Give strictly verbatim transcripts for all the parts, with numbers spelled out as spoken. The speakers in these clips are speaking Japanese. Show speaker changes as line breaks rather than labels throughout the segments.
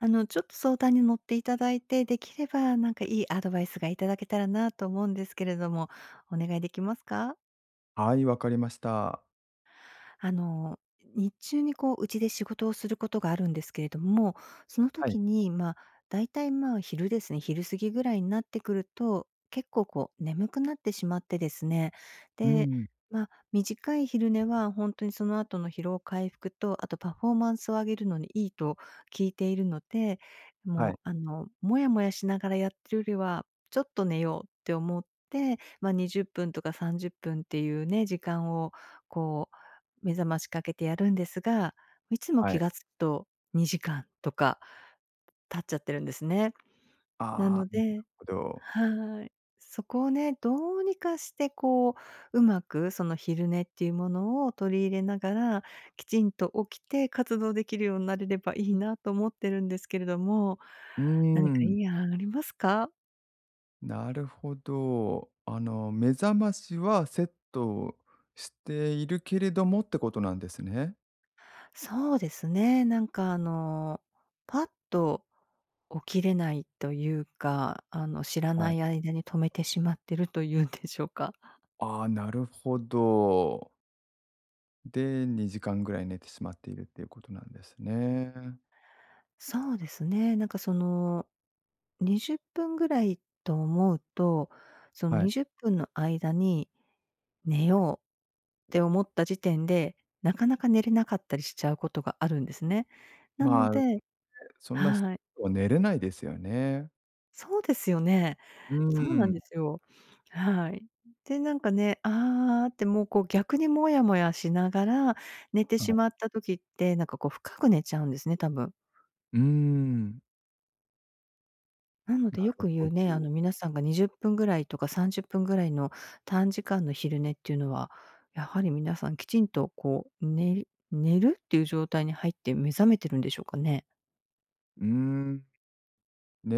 あの、ちょっと相談に乗っていただいて、できれば何かいいアドバイスがいただけたらなと思うんですけれども、お願いできますか？
はい、わかりました。
あの、日中にこう家で仕事をすることがあるんですけれども、その
はい。
時に、ま、だいたい、ま、昼ですね、昼過ぎぐらいになってくると結構こう眠くなってしまってですね。
う
で、
ん。
ま、短い昼寝は本当にその後の疲労回復とあとパフォーマンスを上げるのにいいと聞いているので、
は
も
い。
うあの、もやもやしながらやってるよりは、ちょっと寝ようって思って、ま、にじゅっぷんとかさんじゅっぷんっていうね、時間をこう目覚ましかけてやるんですが、いつも
はい。
気が付くとにじかんとか経っちゃってるんですね。な
あ
の
あ、なる
で
ほど。
はい。そこをね、どうにかして、こう、うまくその昼寝っていうものを取り入れながら、きちんと起きて活動できるようになれればいいなと思ってるんですけれども、
うー
何かい
ん。
い案ありますか？
なるほど。あの目覚ましはセットしているけれどもってことなんですね？
そうですね。なんかあのパッと起きれないというか、あの知ら
は
な
い。
い間に止めてしまってると言うんでしょうか。
ああ、なるほど。で、にじかんぐらい寝てしまっているっていうことなんですね。
そうですね、なんかその、にじゅっぷんぐらいと思うと、その
はい。
にじゅっぷんの間に、寝ようって思った時点で、なかなか寝れなかったりしちゃうことがあるんですね。な
ま
の
あ、ね、
で
そんなす、
はい。
には寝れないですよね。
そうですよね。
うー
そうなん
ん。
ですよ。はい。で、なんかね、ああってもうこう逆にもやもやしながら、寝て
は
し
い。
まった時って、なんかこう深く寝ちゃうんですね、多分。
うーん。
なので
な
よ
る
く言
ほ
うね、あ
ど。
の皆さんがにじゅっぷんぐらいとかさんじゅっぷんぐらいの短時間の昼寝っていうのは、やはり皆さんきちんとこう寝る寝るっていう状態に入って目覚めてるんでしょうかね？
うーん。ね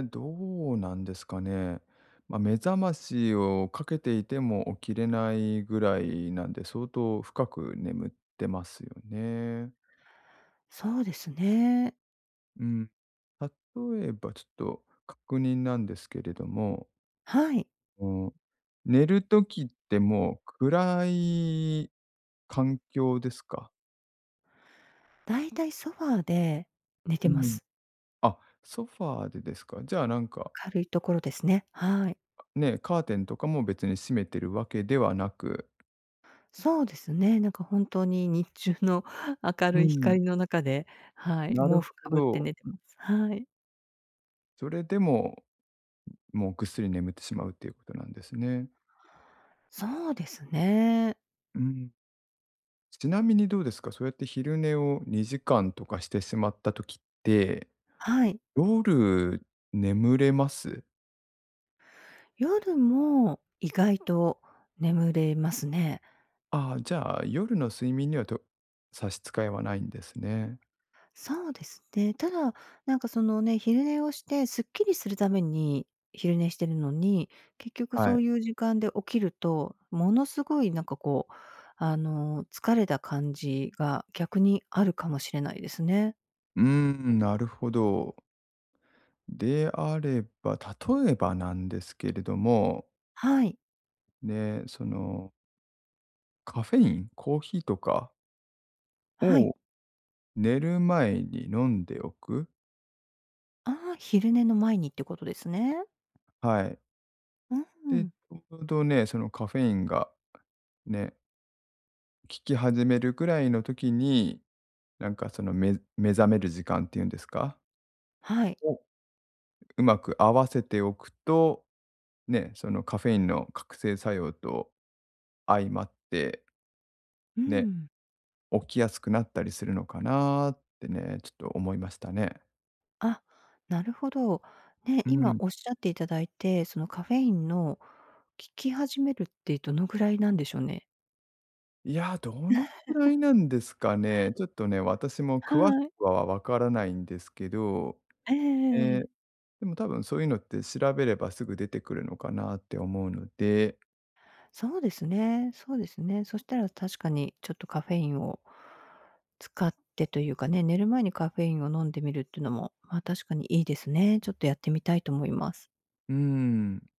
え、どうなんですかね。ま、目覚ましをかけていても起きれないぐらいなんで、相当深く眠ってますよね。
そうですね。
うん、例えばちょっと確認なんですけれども
はい。
あの、寝る時ってもう、暗い環境ですか？
大体ソファーで寝
う
てま
ん。
す。
あっ、ソファーでですか。じゃあなんか
明るいところですね、はい。
ね、カーテンとかも別に閉めてるわけではなく。
そうですね。なんか本当に日中の 明
うー
るい
ん。
光の中で、はい、
な
毛
る
布
ほ
かぶって
ど。
寝てます。はい。
それでも、もうぐっすり眠ってしまうっていうことなんですね。
そうですね。
うーん。ちなみにどうですか、そうやって昼寝をにじかんとかしてしまった時って、
はい。
夜眠れます？
夜も、意外と眠れますね。
ああ、じゃあ、夜の睡眠にはと差し支えはないんですね。
そうですね。ただ、なんかそのね、昼寝をしてすっきりするために、昼寝してるのに結局
は
そう
い。
いう時間で起きると、ものすごいなんか、こう、あの、疲れた感じが逆にあるかもしれないですね。
うーん、なるほど。であれば、例えばなんですけれども
はい。
ね、そのカフェイン、コーヒーとか
はい。
を寝る前に飲んでおく。
ああ、昼寝の前にってことですね。
はい。
うんう
で、ち
ん。
ょうどね、そのカフェインがね効き始めるくらいの時に、なんかそのめ目覚める時間っていうんですか。
はい。
を、うまく合わせておくと、ね、そのカフェインの覚醒作用と相まって、
うー
ね、
ん。
起きやすくなったりするのかなってね、ちょっと思いましたね。
あ、なるほど、ね、
うー
今
ん。
おっしゃっていただいて、そのカフェインの効き始めるってどのぐらいなんでしょうね？
いや、どのくらいなんですかね？ちょっとね、私も詳し
はい。
くはわからないんですけど、
えええ
え
ええ
え、
え。
でも多分そういうのって調べればすぐ出てくるのかなって思うので。
そうですねそうですね。そしたら確かにちょっとカフェインを使ってというかね、寝る前にカフェインを飲んでみるっていうのも、まあ、確かにいいですね。ちょっとやってみたいと思います。
うーん。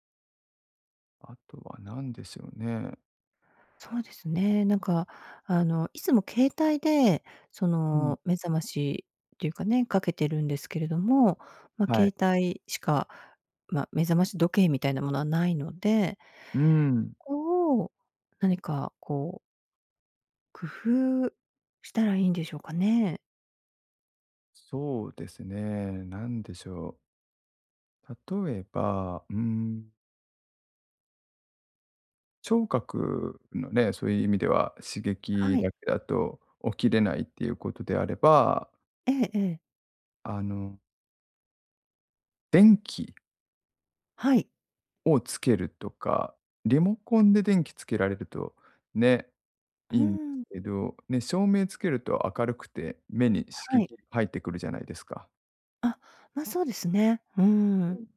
あとは何でしょうね？
そうですね。なんかあの、いつも携帯でそ
うん。
の、目覚ましっていうかね、かけてるんですけれども、ま、
はい。
携帯しか、ま、目覚まし時計みたいなものはないので
うーん。
そこを何かこう工夫したらいいんでしょうかね？
そうですね。なんでしょう？例えば、うーん。聴覚のね、そういう意味では刺
は
激
い。
だけだと起きれないっていうことであれば
ええええ。
あの電気
はい。
をつけるとか、リモコンで電気つけられるとね、
うー
いいんです
ん。
けど、ね、照明つけると明るくて目に刺
は
激
い。
入ってくるじゃないですか？
あ、ま、そうですね。うー
う
ん。
ん。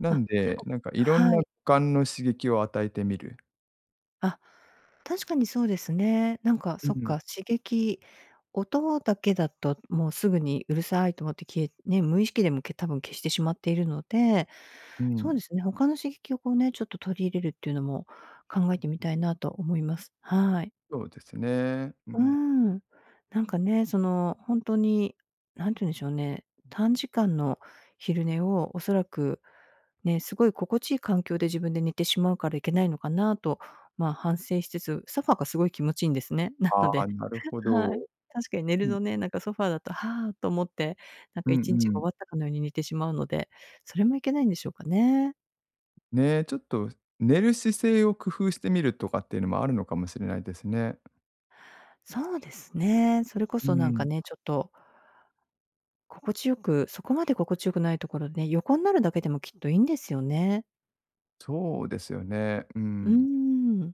な
あ、
んで、なんかいろん
は
な
い。
五感の刺激を与えてみる。
あ、確かにそうですね。なんか、
う
そっ
ん。
か、刺激、音だけだと、もうすぐにうるさいと思って消えね、無意識でも多分、消してしまっているので、
うー
そう
ん。
ですね。他の刺激をこうね、ちょっと取り入れるっていうのも考えてみたいなと思います。はい。
そうですね。う
うー
ん。
ん。なんかね、その本当に何て言うんでしょうね、短時間の昼寝をおそらくね、すごい心地いい環境で自分で寝てしまうからいけないのかなと、ま、反省しつつ、ソファーがすごい気持ちいいんですね。な
あ
の
あ、
で
なる ほ
はい。
ど。
確かに寝
う
る
ん。
のね、なんかソファーだと、はあ、と思って、なん
う
か
ん
いちにち
う
が終
ん。
わったかのように寝てしまうので、それもいけないんでしょうかね？
ね、ちょっと、寝る姿勢を工夫してみるとかっていうのも、あるのかもしれないですね。
そうですね。それこ
う
そなんか
ん。
ね、ちょっと心地よく、そこまで心地よくないところね、横んなるだけでもきっといいんですよね。
そうですよね。うー
うー
ん。
ん。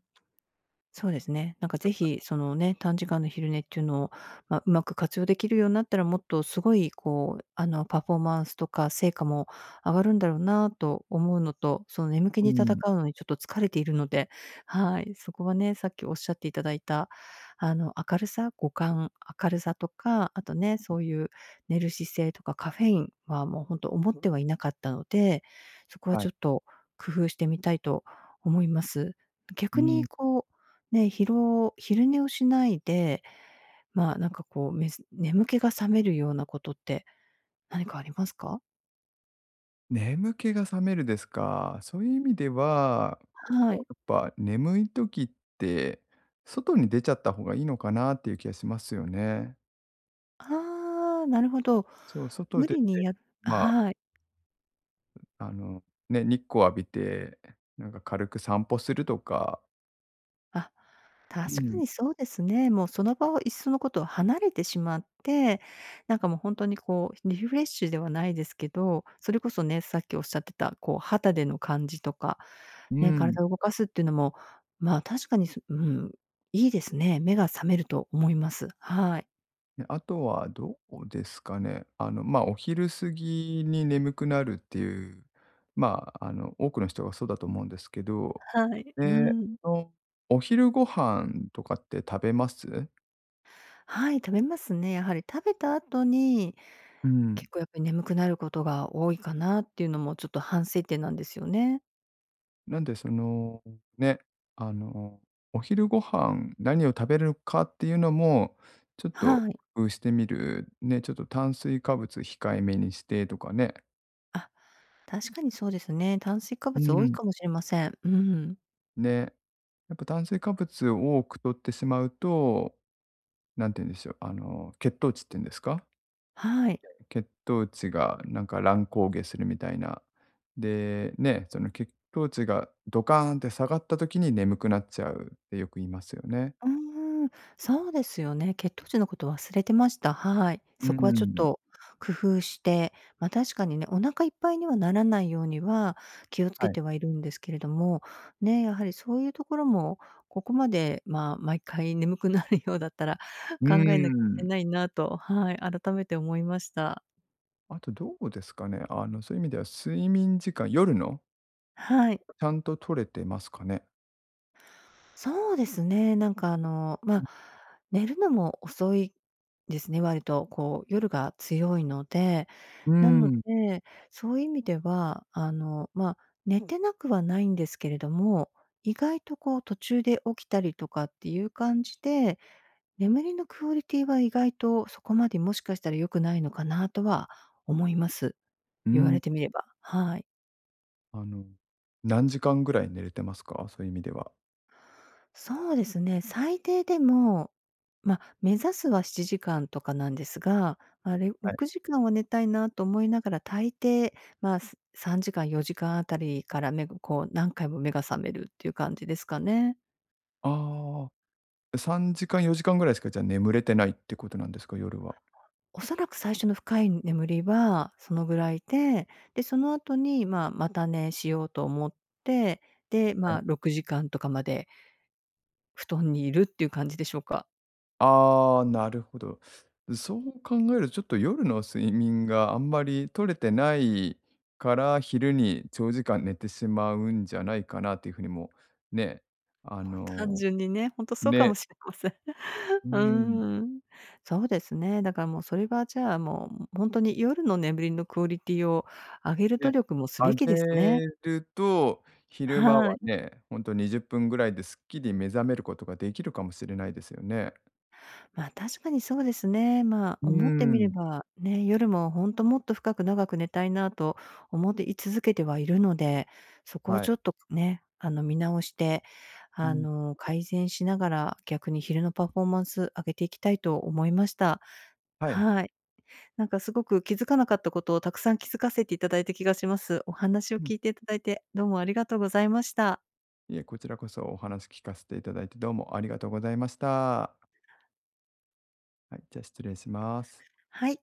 そうですね。なんか、是
[unintelligible]
非そのね、短時間の昼寝っていうのを、ま、うまく活用できるようんなったら、もっとすごい、こう、あの、パフォーマンスとか成果も上がるんだろうなと思うのと、その、眠気
うー
に戦
ん。
うのにちょっと疲れているので、はい、そこはね、さっきおっしゃっていただいた、あの明るさ、五感、明るさとか、あとね、そ
[unintelligible]
ういう寝る姿勢とかカフェインはもうほんと、思ってはいなかったので、そこは
は
ち
い。
ょっと工夫してみたいと思います。
うー
逆に
ん。
こう、ね、疲労昼寝をしないで、まあ、なんかこう、めず眠気が覚めるようなことって何かありますか？
眠気が覚めるですか。そういう意味では、
は
もう、
い。
やっぱ、眠い時って、外に出ちゃった方がいいのかなっていう気がしますよね。
ああ、なるほど。
そう。外
無
出
理
て、
にや
まあ。
はい。
ん、あの、ね、日光浴びて、なんか、軽く散歩するとか。
あ、
うー
確か
ん。
にそうですね。もう、その場をいっそのことを離れてしまって、なんかもう、本当にこう、リフレッシュではないですけど、それこそね、さっきおっしゃってた、こう、肌での感じとか、
う
ね、
ーん。
体を動かすっていうのも、まあ、確かにすうん。いいですね。目が覚めると思います。はい。
ね。あとはどうですかね。あの、ま、お昼過ぎに眠くなるっていう、まあ、あの、多くの人がそうだと思うんですけど、
はい。う
え
ー
え
ん。
と、お昼ご飯とかって食べます？
はい。食べますね。やはり、食べた後に、
うーん。
結構、やっぱり、眠くなることが多いかなっていうのも、ちょっと反省点なんですよね。
なんで、その、ね、あの、お昼ご飯何を食べるかっていうのも、ちょっと
はい。
工夫してみる。ね、ちょっと、炭水化物控えめにしてとかね。
あ、確かにそうですね。炭水化
う
物
ー
多い
ん。
かもしれません。うーん。
ね。やっぱ炭水化物を多く取ってしまうと、なんて言うんでしょう、あの血糖値っていうんですか、
はい。
いや、血糖値がなんか乱高下するみたいな。で、ね、その血糖値がドカーンって下がった時に眠くなっちゃうってよく言いますよね。
うーん、そうですよね。血糖値のこと忘れてました。はい。
うー
そこはちょっ
ん。
と工夫して、ま、確かにね、お腹いっぱいにはならないようには気を付
は
け
い。
てはいるんですけれども、ね、やはりそういうところもここまで、ま、毎回眠くなるようだったら
うー
考えなきゃいけ
ん。
ないなと、はい、改めて思いました。
あと、どうですかね。あのそういう意味では睡眠時間、夜の。
はい。
ちゃんと取れてますかね。
そうですね、なんかあの、
うん。
ま、寝るのも遅いですね、割とこう、夜が強いので。
うー
なの
ん。
で、そういう意味では、あの、ま、寝てなくはないんですけれども、意外とこう、途中で起きたりとかっていう感じで、眠りのクオリティは意外とそこまでもしかしたら良くないのかなとは思います。
う
言われ
ん。
てみれば。はい。
あの、何時間ぐらい寝れてますか？そういう意味では。
そうですね、最低でも、まあ、目指すはしちじかんとかなんですが、あれ
は
ろ
い。
くじかんは寝たいなと思いながら、大抵まあ、ささんじかんよじかんあたりから目がこう何回も目が覚めるっていう感じですかね。
ああ、さんじかんよじかんぐらいしか、じゃ眠れてないってことなんですか？夜は。
おそらく最初の深い眠りはそのぐらいで、で、その後にまあ、また寝しようと思って、で、
はい。
ま、ろくじかんとかまで布団にいるっていう感じでしょうか。
ああ、なるほど。そう考えるとちょっと夜の睡眠があんまり取れてないから、昼に長時間寝てしまうんじゃないかなというふうにもね、あ
もう単
の
純にね、ほんとそうかも
ね。
しれません。
う
う
ーん。
ーん。そうですね。だからもう、それはじゃあ、もうほんとに夜の眠りのクオリティを上げる努
で、
力もすべ
上
きですね。
げると昼間
は
は
い。
ね、ほんとにじゅっぷんぐらいですっきり目覚めることができるかもしれないですよね。
ま、確かにそうですね。まあ、
うー
思ってみれ
ん。
ば、ね、夜もほんともっと深く長く寝たいなと、思ってい続けてはいるので、そこを
はい。
ちょっとね、あの見直して、
う
あ
ん。
の改善しながら、逆に昼のパフォーマンス上げていきたいと思いました。
はい。
はい。なんかすごく気づかなかったことを、たくさん気づかせていただいた気がします。お話を
うん。
聞いていただいて、どうもありがとうございました。
いえ、こちらこそお話聞かせていただいて、どうもありがとうございました。はい、じゃあ失礼します。
はい。